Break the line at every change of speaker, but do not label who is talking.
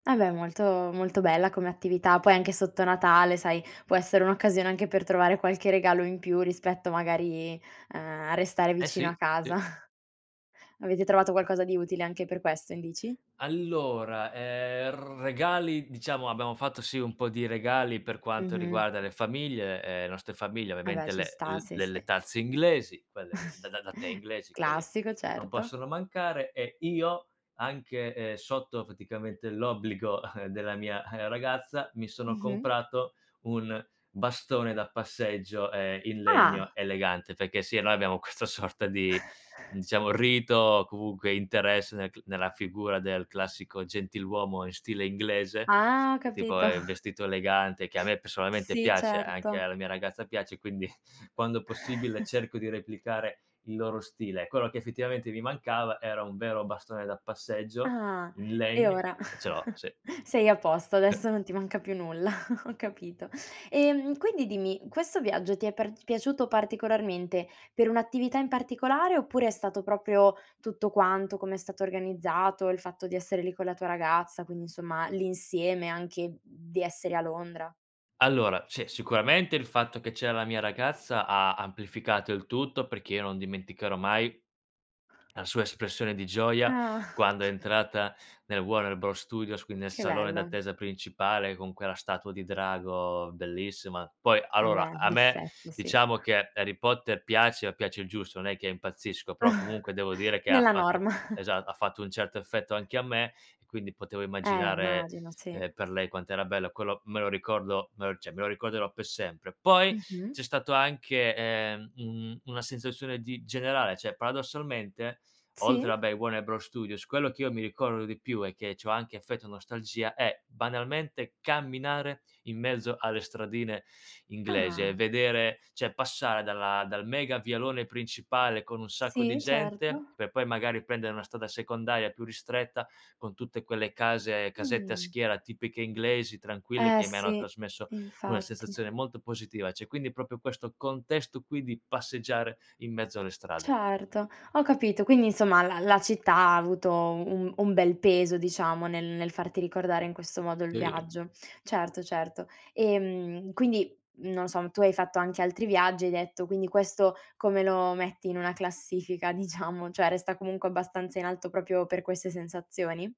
Ah, beh, molto molto bella come attività. Poi anche sotto Natale sai, può essere un'occasione anche per trovare qualche regalo in più rispetto magari a a restare
Eh
vicino a
sì.
casa.
Ti
Avete trovato qualcosa di utile anche per questo in bici?
Allora, ehm, regali diciamo abbiamo fatto sì un po' di regali per quanto
Mh-mh.
riguarda le famiglie, ehm, nostre famiglie,
Eh, beh,
ovviamente
ci
le l
sta, sì,
le
sì.
le tazze inglesi, quelle v da da da tè inglesi, quelle
Classico,
non
certo.
possono mancare e io anche, ehm, sotto praticamente l'obbligo della mia ragazza, mi sono
Mh-mh.
comprato un bastone da passeggio, ehm, in legno
Ah!
elegante. Perché sì, noi abbiamo questa sorta di diciamo rito o comunque interesse nel c nella figura del classico gentiluomo in stile inglese,
Ah,
che tipo
capito.
è vestito elegante, che a me personalmente
Sì,
piace e anche
certo.
alla mia ragazza piace, quindi quando possibile cerco di replicare il loro stile e quello che effettivamente mi mancava era un vero bastone da passeggio
Ah,
in
e
legno
ora
e ce l'ho sì.
sei a posto,
E
adesso non ti manca più nulla, ho capito. Ehm, quindi dimmi, questo viaggio ti è par piaciuto particolarmente per un'attività in particolare oppure è stato proprio tutto quanto, come è stato organizzato, il fatto di essere lì con la tua ragazza, quindi insomma l'insieme anche di essere a Londra?
Allora, sì sicuramente il fatto che c'era la mia ragazza ha amplificato il tutto, perché io non dimenticherò mai la sua espressione di gioia
Ah.
quando è entrata nel Warner Bros Studios, quindi nel
Che
salone
bello.
d'attesa principale con quella statua di drago bellissima. Poi
Eh,
allora
beh,
a me
d'effetto sì.
diciamo che Harry Potter piace, ma piace il giusto, non è che impazzisco, però comunque devo dire che ha
Nella
fatto
norma.
esa ha fatto un certo effetto anche a me e quindi potevo
Eh,
immaginare,
immagino, sì.
ehm, per lei quant'era bello. Quello, me lo ricordo me lo cioè me lo ricorderò per sempre. Poi
Mh-mh.
c'è stato anche, ehm, un una sensazione di generale cioè paradossalmente oltre
Sì.
vabbè ai Warner Bros Studios, quello che io mi ricordo di più e che c'ho anche affetto nostalgia è banalmente, camminare in mezzo alle stradine inglesi e
Ah!
vedere cioè passare dalla dal mega vialone principale con un sacco di
Sì,
gente,
certo.
per poi magari prendere una strada secondaria più ristretta, con tutte quelle case casette a
Mh-mh.
schiera tipiche inglesi tranquille,
Eh,
che mi hanno
sì,
trasmesso una
infatti.
sensazione molto positiva, cioè quindi proprio questo contesto qui di passeggiare in mezzo alle strade.
Certo, ho capito. Quindi insomma la la città ha avuto un un bel peso diciamo nel nel farti ricordare in questo modo il
Sì.
viaggio. Certo, certo. Ehm, quindi, non o so, tu hai fatto anche altri viaggi, hai detto, quindi questo come lo metti in una classifica, diciamo, cioè, resta comunque abbastanza in alto proprio per queste sensazioni?